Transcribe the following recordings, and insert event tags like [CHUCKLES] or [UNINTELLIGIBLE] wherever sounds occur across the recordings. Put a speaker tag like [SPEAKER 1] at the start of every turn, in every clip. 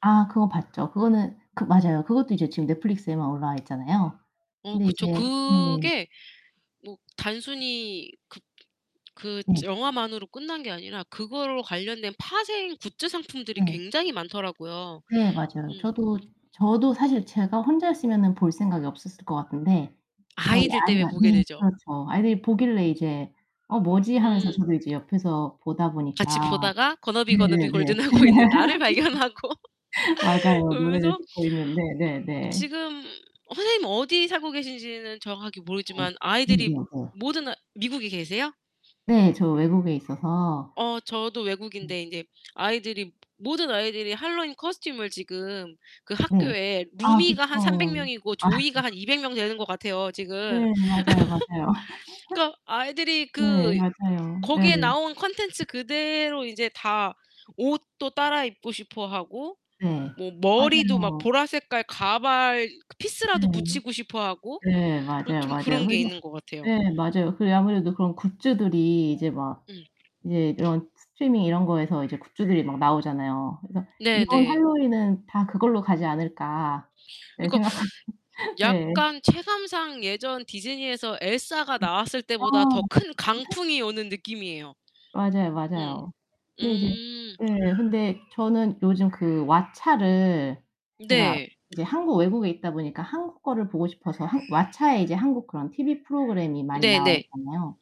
[SPEAKER 1] 아 그건 봤죠. 그거는 그 맞아요. 그것도 이제 지금 Netflix에만 올라와 있잖아요.
[SPEAKER 2] 어
[SPEAKER 1] 근데
[SPEAKER 2] 그쵸.
[SPEAKER 1] 이제 네.
[SPEAKER 2] 그게 뭐 단순히 그 그
[SPEAKER 1] 네.
[SPEAKER 2] 영화만으로 끝난 게 아니라 그거 관련된 파생 굿즈 상품들이
[SPEAKER 1] 네.
[SPEAKER 2] 굉장히 많더라고요.
[SPEAKER 1] 네, 맞아요.
[SPEAKER 2] 음.
[SPEAKER 1] 저도 저도 사실 제가 혼자였으면은 볼 생각이 없었을 것 같은데 저희
[SPEAKER 2] 아이들 땜에
[SPEAKER 1] 아이가
[SPEAKER 2] 보게
[SPEAKER 1] 네
[SPEAKER 2] 되죠.
[SPEAKER 1] 그렇죠. 아이들이 보길래 이제 '어, 뭐지?' 하면서
[SPEAKER 2] 음.
[SPEAKER 1] 저도 이제 옆에서 보다
[SPEAKER 2] 같이
[SPEAKER 1] 보니까
[SPEAKER 2] 보다가 Gonna be, gonna be
[SPEAKER 1] 네네네
[SPEAKER 2] golden 하고 있는 나를 발견하고.
[SPEAKER 1] [LAUGHS] 맞아요. 노래를
[SPEAKER 2] 그러면서 어
[SPEAKER 1] 듣고 있는데 네네.
[SPEAKER 2] 지금 선생님 어디 살고 계신지는 정확하게
[SPEAKER 1] 네.
[SPEAKER 2] 모르겠지만 아이들이
[SPEAKER 1] 네네네.
[SPEAKER 2] 모든 미국에 계세요?
[SPEAKER 1] 네. 저 외국에 있어서
[SPEAKER 2] 어 저도
[SPEAKER 1] 음.
[SPEAKER 2] 외국인데 이제 아이들이 모든 아이들이 핼러윈 코스튬을 지금 그
[SPEAKER 1] 네.
[SPEAKER 2] 학교에
[SPEAKER 1] 아
[SPEAKER 2] 루미가 한 300
[SPEAKER 1] 그쵸.
[SPEAKER 2] 명이고
[SPEAKER 1] 아
[SPEAKER 2] 조이가 한
[SPEAKER 1] 맞아요.
[SPEAKER 2] 200 명 되는 것 같아요 지금.
[SPEAKER 1] 네, 맞아요, 맞아요.
[SPEAKER 2] [CHUCKLES] 그러니까
[SPEAKER 1] [LAUGHS]
[SPEAKER 2] 아이들이
[SPEAKER 1] 네,
[SPEAKER 2] 그
[SPEAKER 1] 맞아요. 네.
[SPEAKER 2] 거기에 나온 콘텐츠 그대로 이제 다 옷도 따라 입고 싶어 하고,
[SPEAKER 1] 네,
[SPEAKER 2] 뭐 머리도 막
[SPEAKER 1] 맞아요.
[SPEAKER 2] 보라 색깔 가발 피스라도
[SPEAKER 1] 네.
[SPEAKER 2] 붙이고 싶어 하고
[SPEAKER 1] 네, 맞아요,
[SPEAKER 2] 좀
[SPEAKER 1] 맞아요.
[SPEAKER 2] 그런 게
[SPEAKER 1] 홀리
[SPEAKER 2] 있는 것 같아요.
[SPEAKER 1] 네 맞아요. 그래 아무래도 그런 굿즈들이 이제 막
[SPEAKER 2] 응.
[SPEAKER 1] 이제 이런 스트리밍 이런 거에서 이제 굿즈들이 막 나오잖아요. 그래서 이번
[SPEAKER 2] 네네.
[SPEAKER 1] 핼러윈은 다 그걸로 가지 않을까 예
[SPEAKER 2] 그니까
[SPEAKER 1] 생각합니다. 네.
[SPEAKER 2] 약간 체감상 예전 디즈니에서 엘사가
[SPEAKER 1] 네.
[SPEAKER 2] 나왔을
[SPEAKER 1] 아
[SPEAKER 2] 때보다 더
[SPEAKER 1] 맞아요.
[SPEAKER 2] 큰
[SPEAKER 1] [LAUGHS]
[SPEAKER 2] 강풍이 오는 느낌이에요.
[SPEAKER 1] 맞아요,
[SPEAKER 2] 음.
[SPEAKER 1] 맞아요. 근데 이제
[SPEAKER 2] 음.
[SPEAKER 1] 예 근데 저는 요즘 그 WATCHA를 제가
[SPEAKER 2] 네.
[SPEAKER 1] 이제 한국 외국에 있다 보니까 한국 거를 보고 싶어서 한 WATCHA에 이제 한국 그런 TV 프로그램이 많이 나와
[SPEAKER 2] 네네.
[SPEAKER 1] 있잖아요.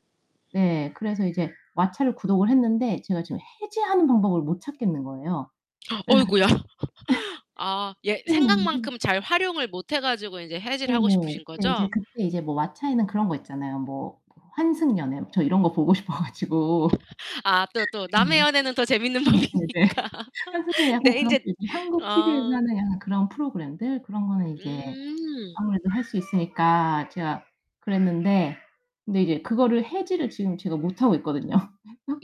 [SPEAKER 1] 네. 그래서 이제 WATCHA를 구독을 했는데 제가 지금 해지하는 방법을 못 찾겠는 거예요.
[SPEAKER 2] [GASPS]
[SPEAKER 1] 그래
[SPEAKER 2] 어이구야. [LAUGHS] 아. 예
[SPEAKER 1] 가지고 예. 네.
[SPEAKER 2] 생각만큼 잘 활용을 못해 가지고 이제 해지를
[SPEAKER 1] 네.
[SPEAKER 2] 하고 싶으신
[SPEAKER 1] 네. 이제
[SPEAKER 2] 거죠?
[SPEAKER 1] 그때 이제 뭐 WATCHA에는 그런 거 있잖아요. 뭐 환승연애 저 이런 거 보고 싶어 가지고
[SPEAKER 2] 아 또 또 남의
[SPEAKER 1] 네.
[SPEAKER 2] 연애는 더 재밌는
[SPEAKER 1] 네네네.
[SPEAKER 2] 법이니까. [LAUGHS]
[SPEAKER 1] 환승연애 약간
[SPEAKER 2] 네,
[SPEAKER 1] 그런
[SPEAKER 2] 이제
[SPEAKER 1] 삘. 한국 TV에서
[SPEAKER 2] 아.
[SPEAKER 1] 하는 약간 그런 프로그램들 그런 거는 이제
[SPEAKER 2] 음.
[SPEAKER 1] 아무래도 할 수 있으니까 제가 그랬는데 근데 이제 그거를 해지를 지금 제가 못하고 있거든요.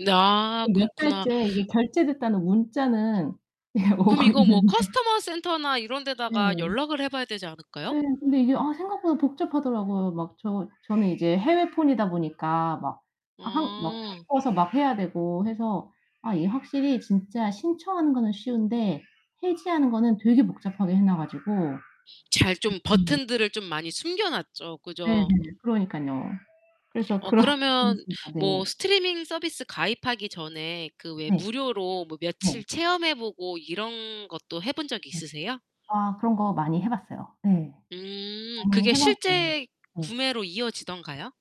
[SPEAKER 2] 아,
[SPEAKER 1] 그래서 몇
[SPEAKER 2] 그렇구나.
[SPEAKER 1] 달째 이게 결제됐다는 문자는 이게
[SPEAKER 2] 그럼
[SPEAKER 1] 오고
[SPEAKER 2] 이거 뭐
[SPEAKER 1] 있는데
[SPEAKER 2] Customer Center나 이런
[SPEAKER 1] 네.
[SPEAKER 2] 데다가 연락을 해 봐야 되지 않을까요?
[SPEAKER 1] 네. 근데 이게 아 생각보다 복잡하더라고요. 막 저 저는 이제 해외 폰이다 보니까 막 한 막
[SPEAKER 2] 음.
[SPEAKER 1] 바꿔서 막 해야 되고 해서 아 이게 확실히 진짜 신청하는 거는 쉬운데 해지하는 거는 되게 복잡하게 해놔 가지고.
[SPEAKER 2] 잘 좀
[SPEAKER 1] 음.
[SPEAKER 2] 버튼들을 좀 많이 숨겨놨죠.
[SPEAKER 1] 네네.
[SPEAKER 2] 그죠?
[SPEAKER 1] 그러니깐요. 그래서
[SPEAKER 2] 어
[SPEAKER 1] 그런
[SPEAKER 2] 그러면
[SPEAKER 1] [UNINTELLIGIBLE]
[SPEAKER 2] 뭐
[SPEAKER 1] 네.
[SPEAKER 2] 스트리밍 서비스 가입하기 전에 그 왜
[SPEAKER 1] 네.
[SPEAKER 2] 무료로 뭐
[SPEAKER 1] 네.
[SPEAKER 2] 며칠 체험해 보고 이런 것도 해 본 적이
[SPEAKER 1] 네.
[SPEAKER 2] 있으세요?
[SPEAKER 1] 아. 그런 거 많이 해 봤어요. 네.
[SPEAKER 2] 음.
[SPEAKER 1] 많이
[SPEAKER 2] 그게
[SPEAKER 1] 해 봤죠.
[SPEAKER 2] 실제
[SPEAKER 1] 네.
[SPEAKER 2] 구매로 이어지던가요?